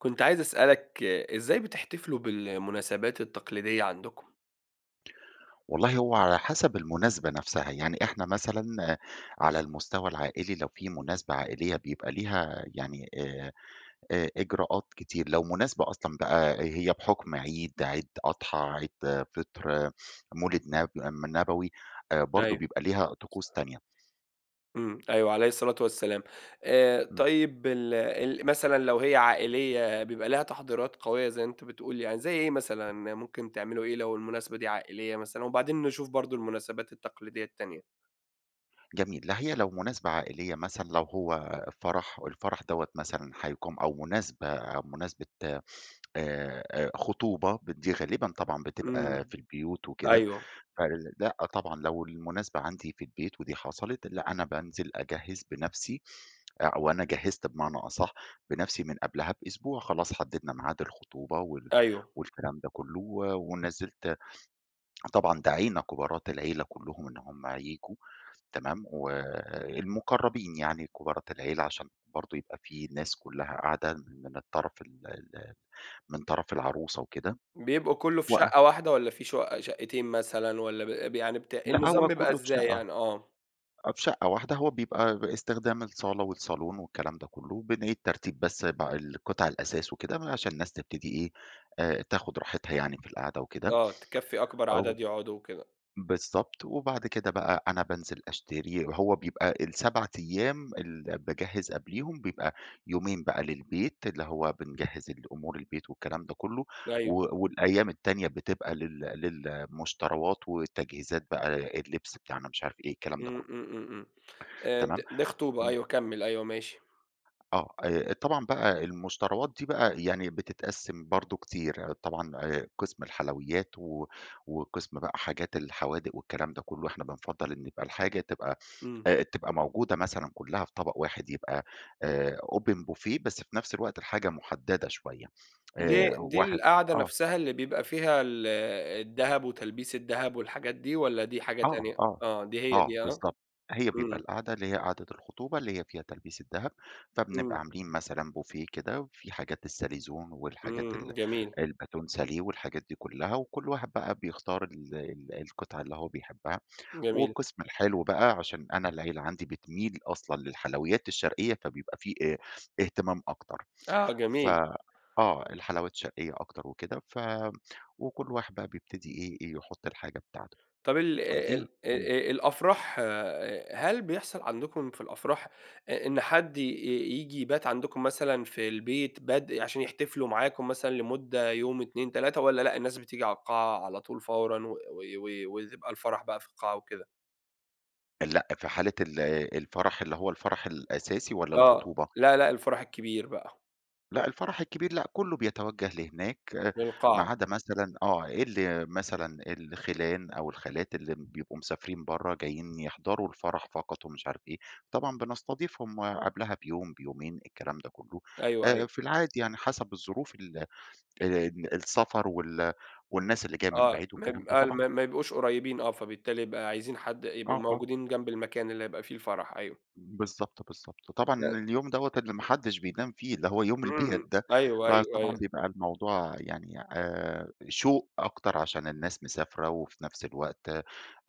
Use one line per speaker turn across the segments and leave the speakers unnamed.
كنت عايز أسألك إزاي بتحتفلوا بالمناسبات التقليدية عندكم؟
والله هو على حسب المناسبة نفسها، يعني إحنا مثلًا على المستوى العائلي لو في مناسبة عائلية بيبقى ليها يعني آآ، إ إجراءات كتير، لو مناسبة أصلًا بقى هي بحكم عيد، عيد أضحى، عيد فطر، مولد نب نبوي برضو
أيوه.
بيبقى ليها طقوس تانية.
امم، أيوه- عليه الصلاة والسلام- آآ،
امم.
طيب ال ال مثلًا لو هي عائلية بيبقى ليها تحضيرات قوية زي أنت بتقول يعني زي إيه مثلًا، ممكن تعملوا إيه لو المناسبة دي عائلية مثلًا؟ وبعدين نشوف برضو المناسبات التقليدية التانية.
جميل، لا هي لو مناسبة عائلية مثلًا لو هو فرح، والفرح دوّة مثلًا هيقام أو مناسبة أو مناسبة آآ، خطوبة، ب دي غالبًا طبعًا بتبقى
امم،
في البيوت وكده،
أيوه.
فلأ طبعًا لو المناسبة عندي في البيت، ودي حصلت، لأ، أنا بانزل أجهّز بنَفسي، أو أنا جهّزت بمعنى أصح بنَفسي من قبلها بأسبوع، خلاص حددنا ميعاد الخطوبة وال
أيوه.
والكلام ده كلّه، و ونزّلت طبعًا دعينا كبارات العيلة كلّهم إن هُم ييجوا تمام، والمقربين يعني كبارات العيلة عشان برضو يبقى في ناس كلّها قاعدة من الطرف ال ال من طرف العروسة وكده
بيبقوا كله في
و
شقة واحدة، والّا في شقق شقتين مثلًا، والّا ب ب يعني بت
لأ،
النظام
هو
بيبقى
كلّه في
إزاي
شقة،
يعني؟ آه.
آه في شقة واحدة، هو بيبقى استخدام الصالة والصالون والكلام ده كلّه، وبنعيد ترتيب بس ب القطع الأثاث وكده عشان الناس تبتدي إيه آآ، تاخد راحتها يعني في القعدة وكده،
آه، تكفّي أكبر
أو
عدد يقعدوا وكده.
بالضبط، وبعد كده بقى أنا بانزل أشتري، هو بيبقى ال7 أيام ال باجهّز قبليهم بيبقى يومين بقى للبيت اللي هو بنجهّز أمور البيت والكلام ده كلّه،
أيوه.
و والأيام التانية بتبقى لل للمشتروات والتجهيزات بقى، اللبس بتاعنا، مش عارف إيه، الكلام ده
امم،
كلّه.
امم، امم، امم. آآ د
تمام؟
دي خطوبة
امم.
أيوه كمّل أيوه ماشي.
آه، آآ طبعًا بقى المشتروات دي بقى يعني بتتقسم برضو كتير، طبعًا قسم الحلويات و وقسم بقى حاجات الحوادق والكلام ده كلّه، إحنا بنفضّل إن يبقى الحاجة تبقى
امم.
آآ تبقى موجودة مثلًا كلّها في طبق واحد، يبقى آآ، Open Buffet بس في نفس الوقت الحاجة محددة شوية،
د
آآ،
دي
واحد
القعدة
آه.
نفسها اللي بيبقى فيها ال الدهب وتلبيس الدهب والحاجات دي، والّا دي حاجة
آه
تانية؟
آه
آه دي هي
آه،
دي ها؟
بالضبط، هي بيبقى
امم.
القعدة اللي هي قعدة الخطوبة اللي هي فيها تلبيس الدهب، فبنبقى
امم.
عاملين مثلًا Buffet كده وفي حاجات الsalaison والحاجات ال
امم، جميل.
الbâton Salé والحاجات دي كلّها، وكُلّ واحد بقى بيختار ال ال القطعة اللي هو بيحبها،
جميل.
وقسم الحلو بقى عشان أنا العيلة عندي بتميل أصلًا للحلويات الشرقية، فبيبقى في أ اهتمام أكتر،
آه
ف
جميل.
آه، الحلويات الشرقية أكتر وكده، ف وكُلّ واحد بقى بيبتدي إيه يحط الحاجة بتاعته،
طب ال
دي
ال
امم.
أ أ الأفراح هل بيحصل عندكم في الأفراح إ إن حد ي ييجي يبات عندكم مثلًا في البيت بد عشان يحتفلوا معاكم مثلًا لمدة يوم، 2 3 والّا لأ، الناس بتيجي على القاعة على طول فورًا و و ويبقى الفرح بقى في القاعة وكده؟
لأ في حالة ال الفرح اللي هو الفرح الأساسي، والّا
آه
الخطوبة؟
لأ، لأ الفرح الكبير بقى.
لأ الفرح الكبير لأ كله بيتوجه لهناك، ما
للقاعة.
عدا مثلًا آه، إيه ال مثلًا الخِيلان أو الخالات اللي بيبقوا مسافرين برا جايين يحضروا الفرح فقط ومش عارف إيه، طبعًا بنستضيفهم آآ قبلها بيوم، بيومين الكلام ده كله،
أيوه،
آآ
أيوه.
في العادي يعني حسب الظروف ال آآ السفر وال والناس اللي جايه من
آه،
بعيد،
م
والكلام ده
ال
طبعًا.
ما ما يبقوش قُريّبين آه، فبالتالي يبقى عايزين حد يبقوا
آه، آه.
موجودين جنب المكان اللي هيبقى فيه الفرح أيوه.
بالضبط، بالضبط وطبعًا
[unintelligible]
اليوم دوّة اللي ما حدش بينام فيه، اللي هو يوم البيات
إمم،
ده،
أيوه، أيوه،
فطبعًا
أيوه.
بيبقى الموضوع يعني، آآ، شوق أكتر عشان الناس مسافرة، وفي نفس الوقت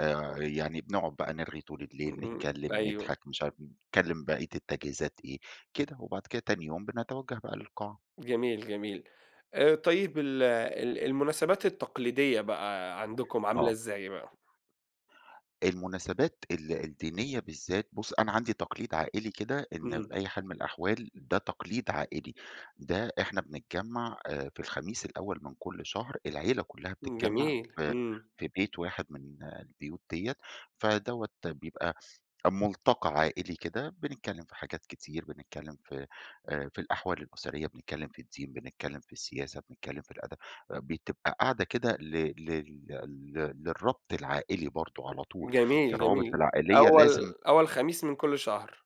آآ يعني بنقعد بقى نرْغي طول الليل،
إمم،
نتكلم،
أيوه.
نضحك، مش عارف، نتكلم بقية التجهيزات إيه كده، وبعد كده تاني يوم بنتوجه بقى للقاعة.
جميل، جميل. آآ طيب ال ال المناسبات التقليدية بقى عندكم عاملة
آه.
إزاي بقى؟
المناسبات ال الدينية بالذات، بُصّ أنا عندي تقليد عائلي كده إن
إمم.
في أي حال من الأحوال ده تقليد عائلي، ده احنا بنتجمع آآ في الخميس الأول من كل شهر، العيلة كلها بتتجمع
جميل،
في
إمم.
في بيت واحد من البيوت ديّة، فدوّة بيبقى ملتقى عائلي كده، بنتكلم في حاجات كتير، بنتكلم في آآ في الأحوال الاُسرية، بنتكلم في الدين، بنتكلم في السياسة، بنتكلم في الأدب، بتبقى قاعدة كده ل لل لل للربط العائلي برضه على طول،
جميل،
الروابط
جميل
العائلية لازم
أول أول خميس من كل شهر.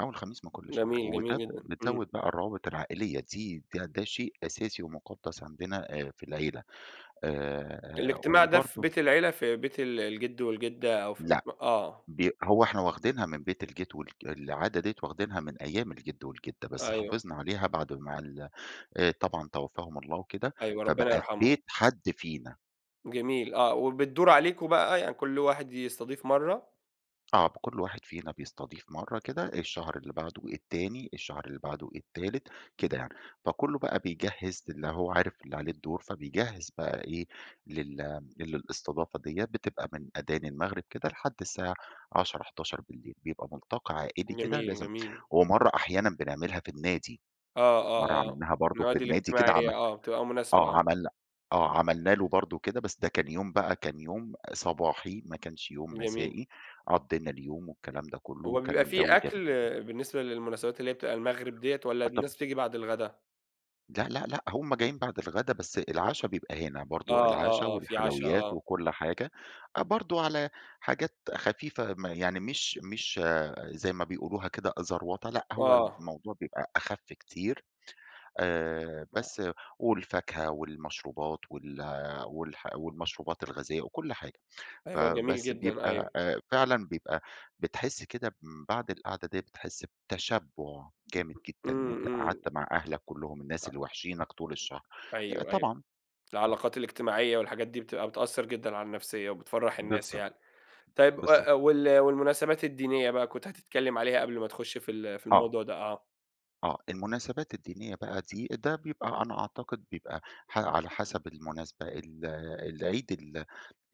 أول خميس من كل شهر،
جميل،
وده
جميل
ب
جدًا، إمم.
بتزود بقى الروابط العائلية دي دي ده شيء أساسي ومُقدَّس عندنا أ في العيلة، آآ
الاجتماع ده في
وبرضه
بيت العيلة، في بيت ال الجد والجدة أو في بيت
لأ،
م آه.
بيب هو إحنا واخدينها من بيت الجد وال العادة ديّة واخدينها من أيام الجد والجدة، بس
أيوه.
حافظنا عليها بعد ما ال آآ طبعًا توفاهم الله وكده،
أيوه، ربنا
فبقى في
يرحمهم.
بيت حدّ فينا.
جميل آه، وبِتدُور عليكوا بقى يعني كُلّ واحد يستضيف مَرَّة؟
آه، كُلّ واحد فينا بيستضيف مرَّة كده الشهر اللي بعده التاني، الشهر اللي بعده التالت كده يعني، فكُلُّه بقى بيجهّز اللي هو عارف اللي عليه الدور، فبيجهّز بقى إيه لل للاستضافة ديّة، بتبقى من أدان المغرب كده لحد الساعة 22:00، 23:00 بيبقى مُلتقى عائلي كده
جميل،
لازم،
جميل.
ومرَّة أحيانًا بنعملها في النَّادي،
آه، آه،
مرَّة
آه،
عملناها برضه في
النوادي
النَّادي كده عم
الاجتماعية آه، بتبقى مُناسبة
آه،
آه.
عمل آه، عملنا له برضه كده بس ده كان يوم بقى، كان يوم صباحي ما كانش يوم
جميل.
مسائي، قضّينا اليوم والكلام ده كُلُّه
هو
وكان
بيبقى في
جَوّ جم
أكل
[unintelligible]
بالنسبة للمناسبات اللي هي بتبقى المغرب ديّة، والّا
آه طب
الناس بتيجي بعد الغدا؟
لأ لأ لأ، هُم جايين بعد الغدا بس العشا بيبقى هنا
آه،
برضه،
آه،
العشا
آه، في عشا،
والحلويات
آه.
وكل حاجة، أ برضه على حاجات خفيفة م يعني مش مش زي ما بيقولوها كده زروطة، لأ، هو
آه.
الموضوع بيبقى أخف كتير، آآ
آه.
بس والفاكهة والمشروبات وال والح والمشروبات الغازية وكل حاجة.
أيوه، جميل
فبس
جدًا، أيوه.
بيبقى آآ فعلًا بيبقى بتحس كده من بعد القعدة دي بتحس بتشبُّع جامد
م
جدًا إن
إمم،
أنت
إمم.
قعدت مع أهلك كلهم الناس
أ
اللي واحشينك طول الشهر. آآ
أيوه، أيوه،
طبعًا
العلاقات الاجتماعية والحاجات دي بتبقى بتأثر جدًا على النفسية وبتفرّح الناس
بالضب
يعني. طيب
بالضب
أ وال والمناسبات الدينية بقى، كنت هتتكلم عليها قبل ما تخُش في ال في
آه.
الموضوع ده، آه.
آه، المناسبات الدينية بقى دي، ده بيبقى أنا أعتقد بيبقى ح على حسب المناسبة، ال العيد ال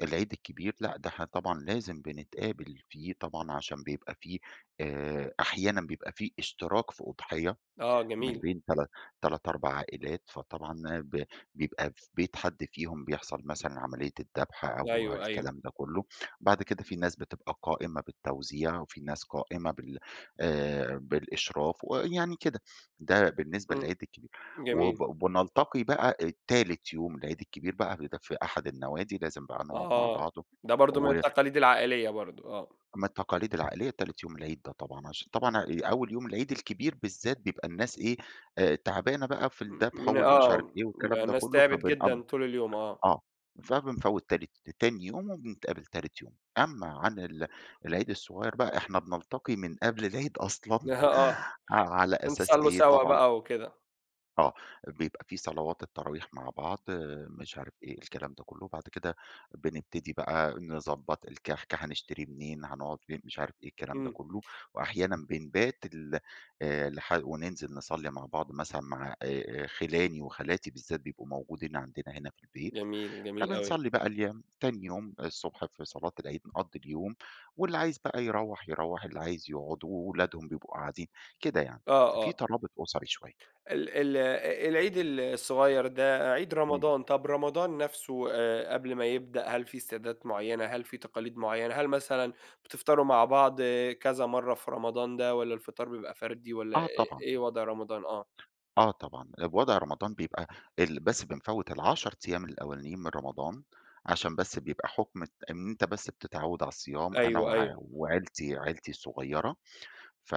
العيد الكبير، لأ، ده إحنا طبعًا لازم بنتقابل فيه طبعًا عشان بيبقى في آآ أحيانًا بيبقى في اشتراك في أُضحية
آه
من
جميل.
بين تل تلت، 4 عائلات، فطبعًا ب بيبقى في بيت حد فيهم بيحصل مثلًا عملية الدبح أو
أيوه، أيوه.
الكلام ده كله، بعد كده في ناس بتبقى قائمة بالتوزيع وفي ناس قائمة بال آآ بالإشراف ويعني كده، ده بالنسبة
إمم،
للعيد الكبير.
جميل.
وب بنلتقي بقى تالت يوم العيد الكبير بقى بيبقى في أحد النوادي لازم بقى نقعد مع بعض
آه، ده برضه من
و
التقاليد العائلية برضه، آه.
أمّا التقاليد العائلية تالت يوم العيد، ده طبعًا عشان طبعًا ع آآ أول يوم العيد الكبير بالذات بيبقى الناس إيه آآ تعبانة بقى في
م
الدبح
من
والمش عارف
آه،
إيه والكلام
بقى
ده
الناس
كلّه،
تعبت
فبنأم
جدًا طول اليوم، آه.
آه، فبنفوِّت تالت تاني يوم وبنتقابل تالت يوم، أمّا عن ال العيد الصغير بقى إحنا بنلتقي من قبل العيد أصلًا
نه آه،
ع على أساس
تصلّوا
إيه
سوا
طبعًا
بقى وكده.
آه، بيبقى في صلوات التراويح مع بعض، مش عارف إيه، الكلام ده كلّه، وبعد كده بنبتدي بقى نضبّط الكحك، حنشتري منين، حنقعد فين، مش عارف إيه، الكلام ده
امم.
كلّه، وأحيانًا بنبات ال آآ، لح ونِنزِل نصلّي مع بعض مثلًا، مع آآ، آآ، خِلاني وخالاتي بالذات بيبقوا موجودين عندنا هنا في البيت،
جميل، جميل أوي.
فبنصلّي بقى الي تاني يوم آآ، الصبح في صلاة العيد نقضّي اليوم، واللي عايز بقى يروّح، يروّح، اللي عايز يقعد، وولادهم بيبقوا قاعدين، كده يعني،
آه،
فَفي
آه.
ترابط أُسَري شوية.
ال ال أ العيد ال الصغير ده عيد
إمم.
رمضان، طب رمضان نفسُه آآ، قبل ما يبدأ هل في استعدادات معيّنة، هل في تقاليد معيّنة؟ هل مثلًا بتفطروا مع بعض كذا مرة في رمضان ده، والَّا الفطار بيبقى فردي، والَّا إ
آه، طبعًا.
إيه وضع رمضان؟ آه.
آه طبعًا، بوضع رمضان بيبقى ال بس بنفوِّت ال10 أيام الأولانيين من رمضان عشان بس بيبقى حكم الت إن أنت بس بتتعوّد على الصيام أنا
أيوه،
وع
أيوه.
وعيلتي، عيلتي الصغيرة، ف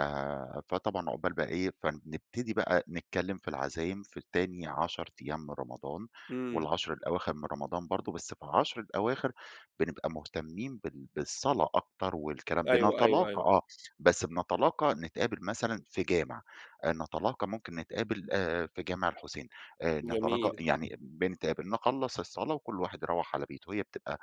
فطبعًا عقبال بقى إيه، فنبتدي بقى نتكلِّم في العزايم في تاني 10 أيام من رمضان
امم.
وال10 الأواخر من رمضان برضه بس في ال10 الأواخر، بنبقى مهتمّين بال بالصلاة أكتر، والكلام
أيوه، أيوه،
بنتلاقي
أيوه.
آه، بس بنتلاقى نتقابل مثلًا في جامع، آآ، نتلاقي ممكن نتقابل آآ، في جامع الحُسين آآ، نتلاقى
جميل.
يعني بنتقابل نخلّص الصلاة وكل واحد يروَّح على بيته، هي بتبقى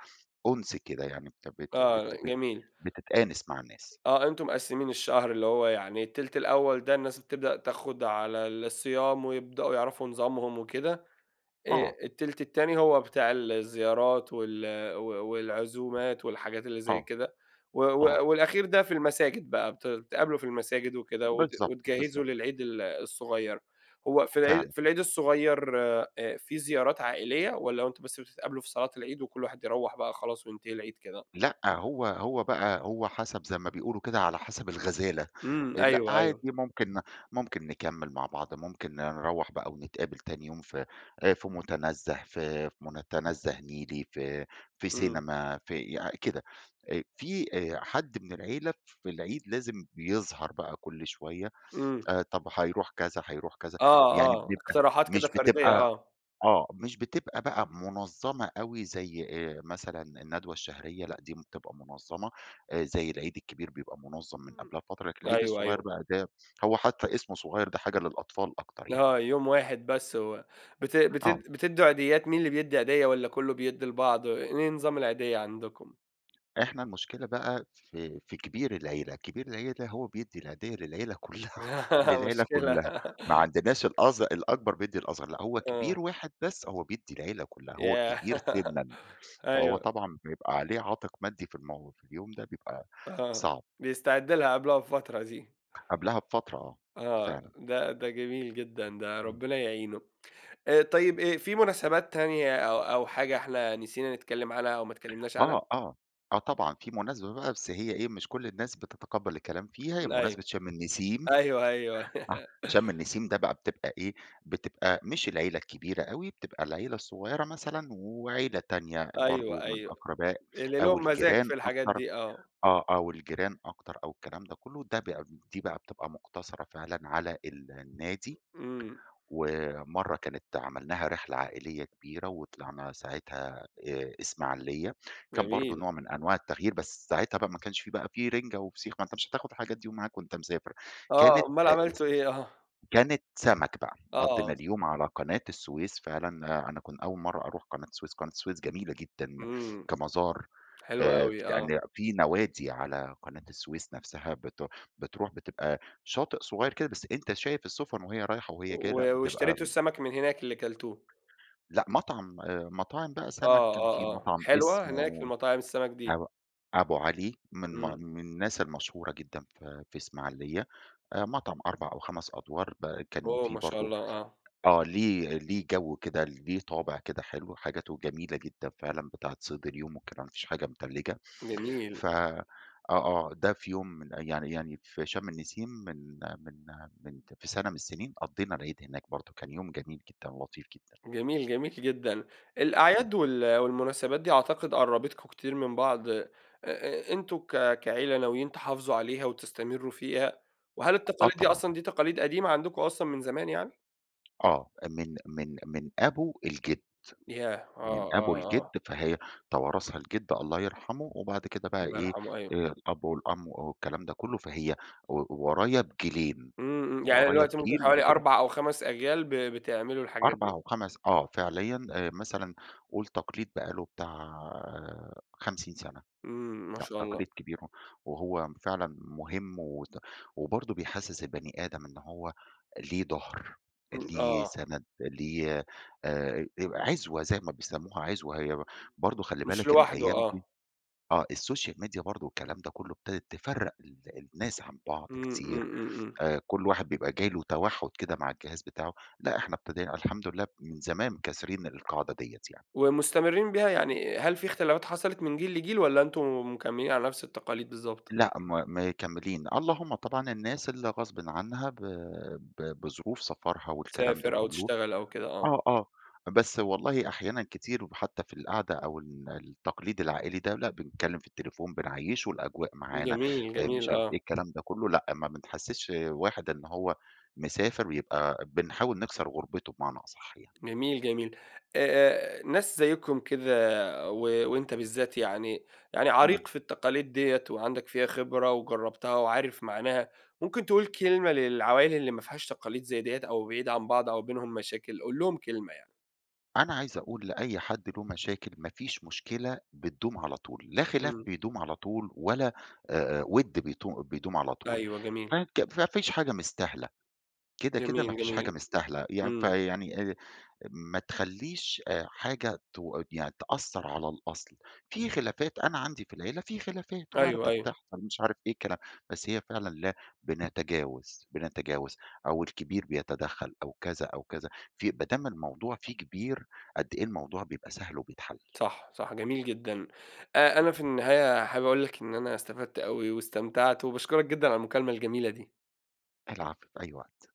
أُنس كده يعني، بت بت
آه،
بت
جميل.
بتتآنس مع الناس.
آه، أنتم مقسِّمين الشهر، اللي هو يعني التِلت الأول ده الناس بتبدأ تاخد على ال الصيام، ويبدأوا يعرفوا نظامهم وكده. آآ،
آه.
التِلت التاني هو بتاع الزيارات وال و والعزومات والحاجات اللي زي
آه،
كده. و و
آه.
والأخير ده في المساجد بقى، بت بتتقابلوا في المساجد وكده، وت
بالضبط،
وتجهِّزوا
بالضبط.
للعيد الصغير، هو في العي
فعلًا.
في العيد الصغير آآ، في زيارات عائلية؟ والَّا هو أنتم بس بتتقابلوا في صلاة العيد وكل واحد يروَّح بقى خلاص، وينتهي العيد كده؟
لأ، هو هو بقى هو حسب زي ما بيقولوا كده، على حسَب الغزالة،
امم،
لأ
أيوه،
عادي
أيوه.
ممكن ممكن نكمّل مع بعض، ممكن نروَّح بقى و نتقابل تاني يوم في آآ، في مُتنزَّه، ف فمُتنزَّه نيلي، في في
امم.
سينما في يع كده، آآ، في آآ، حد من العيلة في العيد لازم بيظهر بقى كل شوية،
امم.
آآ، طب هيروح كذا، هيروح كذا
آه،
يعني
آه
بنبقى
اقتراحات كده
مش
فردية،
بتبقى
آه.
آه، مش بتبقى بقى منظَّمة أوي زي آآ، مثلًا الندوة الشهرية، لأ، دي بتبقى منظَّمة، آآ، زي العيد الكبير بيبقى منظَّم من
امم
قبلها بفترة، لكن العيد
أيوه،
الصغير
أيوه.
بقى ده هو حتى اسمُه صغير، ده حاجة للأطفال أكتر يعني.
آه، يوم واحد بس، و بت
آه.
بتد بتدّوا عيديات، مين اللي بيدّي عيدية والَّا كلّه بيدّي لبعض، إيه نظام العيدية عندكم؟
إحنا المشكلة بقى في في كبير العيلة، كبير العيلة ده هو بيدّي العيدية للعيلة كُلّها للعيلة
مشكلة
كُلّها. ما عندناش الأص الأكبر بيدّي الأصغر لأ، هو كبير
آه.
واحد بس هو بيدّي العيلة كُلّها، هو
ياه!
الكبير سنًا. فهو
أيوه.
طبعًا بيبقى عليه عاتق مادي في المو في اليوم ده. بيبقى،
آه،
صعب.
بيستعد لها قبلها بفترة دي.
قبلها بفترة، آه،
آه
فعلًا.
ده ده جميل جدًا ده
امم.
ربنا يعينه. آآ، طيب آآ في مناسبات تانية أو أو حاجة إحنا نسينا نتكلم عنها أو ما اتكلمناش عنها؟
آه، آه، آه، طبعًا في مناسبة بقى بس هي إيه، مش كل الناس بتتقبل الكلام فيها، هي
أيوه.
مُناسبة شَم النسيم،
أيوه أيوه
شَم النسيم ده بقى بتبقى إيه، بتبقى مش العيلة الكبيرة أوي، بتبقى العيلة الصغيرة مثلًا، وعيلة تانية
أيوه،
برضه من
أيوه
أقرباء
اللي
أو
لهُم مزاج
الجيران
في الحاجات
أكتر
دي، آه.
آه، أوالجيران أكتر أو الكلام ده كله ده ب دي بقى بتبقى مُقتصرة فعلًا على ال النادي.
امم.
ومرّة كانت عملناها رحلة عائلية كبيرة وطلعنا ساعاتها آآ اسماعيلية كان برضه
جميل.
نوع من أنواع التغيير، بس ساعها بقى ما كانش في بقى في رنجة وفسيخ ما أنت مش هتاخد حاجات دي ومعاك وأنت مسافر
آه،
كانت
أُمّال عملتم
[unintelligible]
إيه؟ آه.
كانت سَمَك بقى قضينا
آه.
اليوم على قناة السويس فعلًا، آآ، أنا كان أول مرّة أروح قناة السويس، قناة السويس جميلة جدًا
امم.
كمزار
حلوة
آآ
اوي، آه.
[unintelligible] في نوادي على قناة السويس نفسها بت بتروح بتبقى شاطئ صغير كده بس أنت شايف السفُن وهي رايحة وهي جاية لأ،
و
بتبقى
واشتريتم السمك، من هناك اللي كَلتوه؟
لأ، مطعم آآ مطاعم بقى سمك.
آه،
كان في
آه، آه،
مطعم
حلوة هناك
اسمه
المطاعم السمك دي؟
أو أبوعلي من ما
امم.
من الناس المشهورة جدًا، في في اسماعيلية. آآ مطعم 4 أو 5 أدوار ب كان
أوه!
في
ما شاء
برضه
الله، آه.
آه ليِه ليِه جو كده، ليِه طابع كده حلو، حاجاته جميلة جدًا فعلًا، بتاعة صيد اليوم والكلام، ما فيش حاجة متلّجة
جميل.
ف آه، آه ده في يوم من أ يعني يعني في شَم النسيم، من من من في سنة من السنين، قضّينا العيد هناك برضه، كان يوم جميل جدًا، لطيف جدًا.
جميل، جميل جدًا.
امم.
الأعياد وال والمناسبات دي أعتقد قربتكم كتير من بعض، أ أ أنتم ك كعيلة ناويين تحافظوا، عليها وتستمروا فيها، وهل
آه
التقاليد دي
طبعًا.
أصلًا دي تقاليد قديمة، عندكم أصلًا من زمان يعني؟
آه، من من من أبو الجد،
ياه! آه،
من أبو
آه،
الجد
آه.
فهي توارثها الجد الله يرحمُه، وبعد كده بقى
الله
إيه
يرحمه، أيوه.
آآ الأب والأم والكلام ده كلّه فهي و ورايا بجيلين،
امم، امم يعني أنا
ورايا
دلوقتي ممكن
بجيل لأ
حوالي
جيل
4 أو 5 أجيال ب بتعملوا الحاجات
4
ديَّة.
أو 5 آه، فعليًا آآ مثلًا قول تقليد بقى له بتاع 50 سنة،
امم، ما
لأ،
شاء الله.
تقليد كبير وهو فعلًا مُهم وت وبرضو بيحسّس البني آدم إن هو ليه ضهر،
امم،
ليه
آه.
سند ليه آآ يبقى عِزوَة زي ما بيسموها عِزوَة، هي برضو خلّي
مش
بالك
لوحده
الأيام
آه.
دي آه الSocial Media برضو والكلام ده كُلُّه، ابتدت تفرّق ال الناس عن بعض
امم، امم،
كتير،
امم، امم.
آآ كُلّ واحد بيبقى جاي له توحُد كده مع الجهاز بتاعه، لأ إحنا ابتدينا الحمد لله من زمان كاسرين القاعدة ديّة يعني.
ومستمرين بيها، يعني هل في اختلافات حصلِت من جيل لجيل، والّا أنتم مكملين على نفس التقاليد بالضبط؟
لأ، ما مكملين، اللهم طبعًا الناس اللي غصبٍ عنها ب ب بظروف سفرها والكلام ده
تسافر أو
كلّه،
تشتغل أو كده، آه.
آه، آه بس والله أحيانًا كتير وحتى في القعدة أو ال التقليد العائلي ده لأ، بنتكلم في التليفون، بنعيّشُه الأجواء معانا،
جميل،
آآ مش
جميل،
عارف إيه
آه.
الكلام ده كُلّه لأ، ما بنحسّسش واحد إن هو مسافر يبقى بنحاول نكسر غُربتُه بمعني أصح يعني.
جميل، جميل، آآ آآ ناس زَيِّكُم كده و وأنتَ بالذات يعني يعني
امم.
عريق في التقاليد ديّة وعندك فيها خبرة، وجربتها وعارف معناها، ممكن تقول كلمة للعوائل اللي ما فيهاش تقاليد زي ديّة، أو بعيدة عن بعض أو بينهم مشاكل، قُل لهم كلمة يعني.
أنا عايز أقول لأي حد له مشاكل ما فيش مشكلة بتدوم على طول، لا خِلاف
امم.
بيدوم على طول، ولا آآ وِدّْ بيتو بيدوم على طول،
أيوه،
ف
جميل.
ك ما فيش حاجة مستاهلة، كده، كده ما
جميل،
فيش حاجة
جميل،
مستاهلة، يع
امم.
فيعني آآ ما تخلّيش حاجة تو يعني تأثر على الأصل، في خلافات أنا عندي في العيلة في خلافات
أيوه،
واردة
أيوه.
بتحصل، مش عارف إيه الكلا بس هي فعلًا لا بنتجاوز، بنتجاوز، أو الكبير بيتدخّل أو كذا، أو كذا في بدام الموضوع فيه كبير قد إيه الموضوع بيبقى سهل وبيتحلّ.
صح، صح، جميل جدًا، آآ أنا في النهاية حابب أقول لك إن أنا استفدت أوي واستمتعت، وباشكرك جدًا على المكالمة الجميلة دي.
العفو، في أي وقت.